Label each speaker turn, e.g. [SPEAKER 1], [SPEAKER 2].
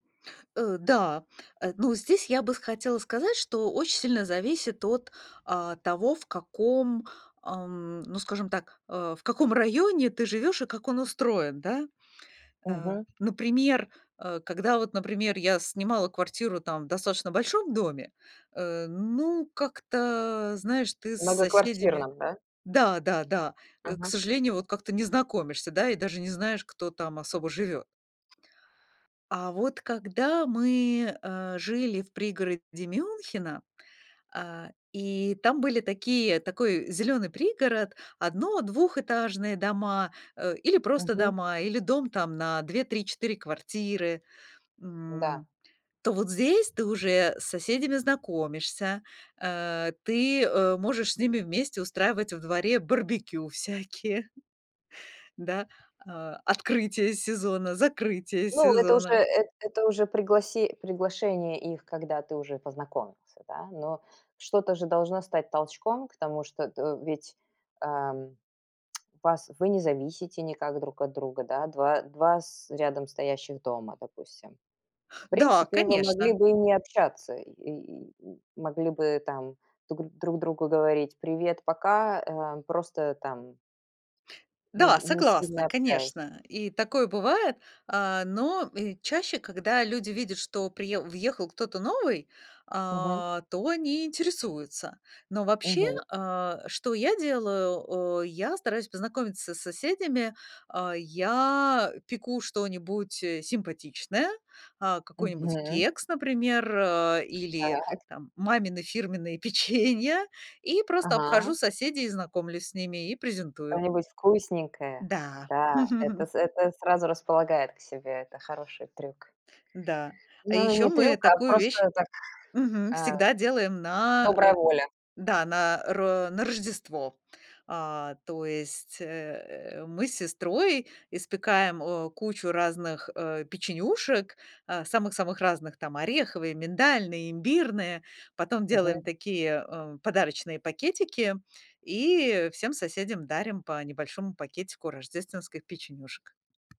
[SPEAKER 1] Э, да, э, ну, здесь я бы с хотела сказать, что очень сильно зависит от, а, того, в каком, ам, ну, скажем так, э, в каком районе ты живёшь и как он устроен, да? Э,
[SPEAKER 2] Мгм.
[SPEAKER 1] например, э, когда вот, например, я снимала квартиру там в достаточно большом доме, э, ну, как-то, знаешь, ты с соседями
[SPEAKER 2] Многоквартирном, да?
[SPEAKER 1] да-да-да, э, к
[SPEAKER 2] Мгм.
[SPEAKER 1] сожалению, вот как-то не знакомишься, да и даже не знаешь, кто там особо живёт. А вот когда мы, э, жили в пригороде Мюнхена, а, и там были такие такой зелёный пригород, одно двухэтажные дома, э, или просто
[SPEAKER 2] Мгм.
[SPEAKER 1] дома, или дом там на 2-3-4 квартиры,
[SPEAKER 2] Н-да.
[SPEAKER 1] м, то вот здесь ты уже с соседями знакомишься. А, ты, э, можешь с ними вместе устраивать во дворе барбекю всякие. Да, а, открытие сезона, закрытие
[SPEAKER 2] Ну, это уже
[SPEAKER 1] сезона.
[SPEAKER 2] эт это уже пригласи приглашение их, когда ты уже и познакомился, да? Но что-то же должно стать толчком к тому, что т э, ведь, ам, пас вы не зависите никак друг от друга, да? Два два с рядом стоящих дома, допустим. В
[SPEAKER 1] Да,
[SPEAKER 2] принципе, вы могли
[SPEAKER 1] конечно!
[SPEAKER 2] бы и не общаться. И и м могли бы там тугн друг другу говорить: "Привет- пока", эм, просто э, там ни
[SPEAKER 1] Да,
[SPEAKER 2] не сильно
[SPEAKER 1] согласна,
[SPEAKER 2] общаясь.
[SPEAKER 1] конечно, и такое бывает. А, но и чаще, когда люди видят, что приеу въехал кто-то новый,
[SPEAKER 2] Мгм.
[SPEAKER 1] а, то они интересуются. Но вообще,
[SPEAKER 2] Мгм.
[SPEAKER 1] а, что я делаю, о, я стараюсь познакомиться с соседями. А, я, а, пеку что-нибудь, э, симпатичное, а, какой-нибудь
[SPEAKER 2] Мгм.
[SPEAKER 1] кекс, например, а, или
[SPEAKER 2] Так.
[SPEAKER 1] там мамины фирменные печенья, и просто
[SPEAKER 2] Ага.
[SPEAKER 1] обхожу соседей, и знакомлюсь с ними, и презентую.
[SPEAKER 2] Что-нибудь вкусненькое.
[SPEAKER 1] Да.
[SPEAKER 2] Да, это с это сразу располагает к себе. Это хороший трюк.
[SPEAKER 1] Да. А
[SPEAKER 2] Ну, э, не
[SPEAKER 1] ещё мы
[SPEAKER 2] трюк, а
[SPEAKER 1] такую вещь
[SPEAKER 2] просто так,
[SPEAKER 1] мгм,
[SPEAKER 2] а,
[SPEAKER 1] всегда делаем на,
[SPEAKER 2] добрая
[SPEAKER 1] э
[SPEAKER 2] воля.
[SPEAKER 1] да, на ро на Рождество. А то есть, э, э, мы с сестрой печём э, кучу разных, э, печенюшек, а самых-самых разных, там: ореховые, миндальные, имбирные. Потом делаем
[SPEAKER 2] Мгм.
[SPEAKER 1] такие, эм, подарочные пакетики. И всем соседям дарим по небольшому пакетику рождественских печенюшек.